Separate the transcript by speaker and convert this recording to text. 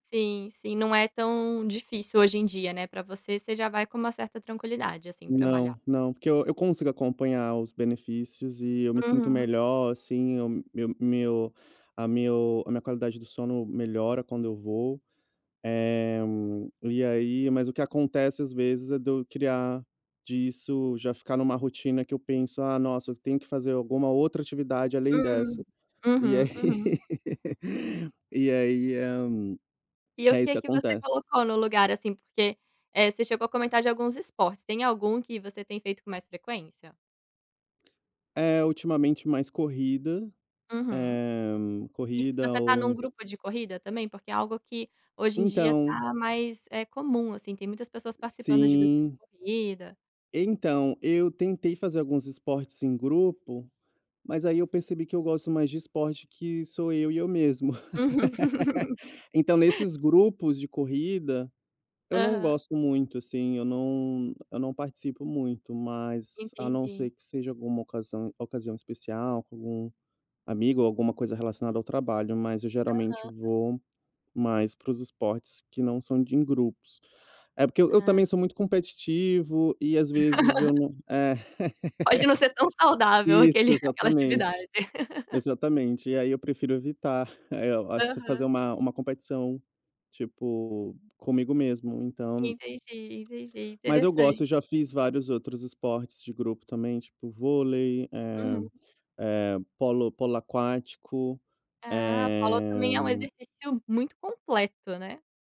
Speaker 1: Sim, sim. Não é tão difícil hoje em dia, né, pra você, você já vai com uma certa tranquilidade, assim, pra malhar.
Speaker 2: Não, não, porque eu eu consigo acompanhar os benefícios, e eu me sinto
Speaker 1: Uhum.
Speaker 2: melhor, assim. O meu meu a meu a minha qualidade do sono melhora quando eu vou, eh, e aí mas o que acontece às vezes, é do criar disso já ficar numa rotina que eu penso: "Ah, nossa! Eu tenho que fazer alguma outra atividade além
Speaker 1: Hum.
Speaker 2: dessa". E
Speaker 1: Uhum,
Speaker 2: aí
Speaker 1: uhum.
Speaker 2: e aí, hã,
Speaker 1: E o
Speaker 2: é isso
Speaker 1: que
Speaker 2: que
Speaker 1: que você
Speaker 2: acontece.
Speaker 1: colocou no lugar, assim, porque, eh, você chegou a comentar de alguns esportes. Tem algum que você tem feito com mais frequência?
Speaker 2: É ultimamente mais corrida,
Speaker 1: Uhum.
Speaker 2: eh,
Speaker 1: E
Speaker 2: corrida
Speaker 1: você tá
Speaker 2: ou
Speaker 1: num
Speaker 2: ent
Speaker 1: grupo de corrida também? Porque é algo que hoje em dia
Speaker 2: Então
Speaker 1: tá mais, eh, comum, assim, tem muitas pessoas participando de grupo de
Speaker 2: Sim.
Speaker 1: corrida.
Speaker 2: Então, eu tentei fazer alguns esportes em grupo, mas aí eu percebi que eu gosto mais de esporte que sou eu e eu mesmo.
Speaker 1: Uhum.
Speaker 2: Então, nesses grupos de corrida eu não
Speaker 1: Aham.
Speaker 2: gosto muito, assim, eu não eu não participo muito, mas a não ser
Speaker 1: Entendi.
Speaker 2: que seja alguma ocasão ocasião especial, com algum amigo ou alguma coisa relacionada ao trabalho. Mas eu geralmente
Speaker 1: Aham.
Speaker 2: vou mais para os esportes que não são de em grupos. É, porque eu eu
Speaker 1: Ah.
Speaker 2: também sou muito competitivo, e às vezes eu não É
Speaker 1: Pode não ser tão saudável
Speaker 2: isso
Speaker 1: aquele aquela
Speaker 2: exatamente,
Speaker 1: atividade.
Speaker 2: exatamente. E aí eu prefiro evitar, eh, as fazer
Speaker 1: Aham.
Speaker 2: uma uma competição, tipo, comigo mesmo. Então
Speaker 1: Entendi, entendi,
Speaker 2: Mas eu
Speaker 1: interessante.
Speaker 2: gosto. Eu já fiz vários outros esportes de grupo também, tipo, vôlei, eh
Speaker 1: Uhum.
Speaker 2: eh, polo polo aquático,
Speaker 1: Ah, polo também é um
Speaker 2: eh.
Speaker 1: exercício muito completo, né?